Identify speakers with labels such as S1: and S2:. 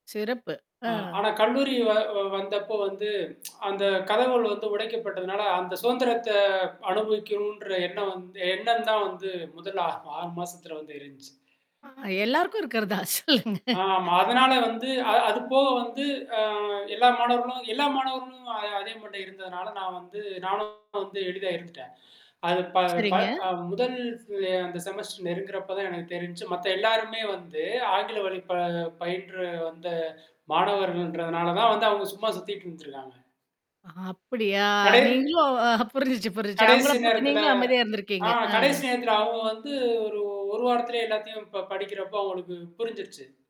S1: சிறப்பு.
S2: அ
S1: ஆ.
S2: ஆனா கல்லூரி வ வந்தப்போ வந்து அந்த கதவுகள் வந்து உடைக்கப்பட்டதுனால, அந்த சுதந்திரத்த அனுபவிக்கணுன்ற எண்ணம் வந்து எண்ணம் தான் வந்து முதல் ஆ 6 மாசத்தில வந்து இருந்துச்சு.
S1: ஆஹா எல்லாருக்கும் இருக்கிறதுதான். சொல்லுங்க.
S2: ஆமா. அதனால வந்து அ அதுபோக வந்து அ எல்லா மாணவர்களும் எல்லா மாணவர்களும் அ அதே மைண்டில இருந்ததுனால, நான் வந்து நானும் வந்து எளிதா இருந்துட்டேன். அது ப ப
S1: சரிங்க.
S2: அ முதல் அந்த செமஸ்டர் நெருங்குறப்ப தான் எனக்கு தெருஞ்சுச்சு. மத்த எல்லாருமே வந்து ஆங்கில வழி ப பயின்ற வந்த மாணவர்கள்ன்றதுனால தான் வந்து அவங்க சும்மா சுத்திட்டு இருந்துருக்காங்க.
S1: அ அப்படியா,
S2: கடே
S1: நீங்களும் அ புரிஞ்சுச்சு புரிஞ்சிச்சு. அவங்கள
S2: கடைசி
S1: பார்த்து
S2: நேரத்தில
S1: நீங்களும் அமைதியா
S2: ஆ
S1: இருந்திருக்கீங்க.
S2: கடைசி
S1: அ.
S2: நேரத்துல அவங்க வந்து ஒரு 1 வாரத்திலயே எல்லாத்தையும் ப படிக்கிறப்போ, அவங்களுக்கு புரிஞ்சிருச்சு.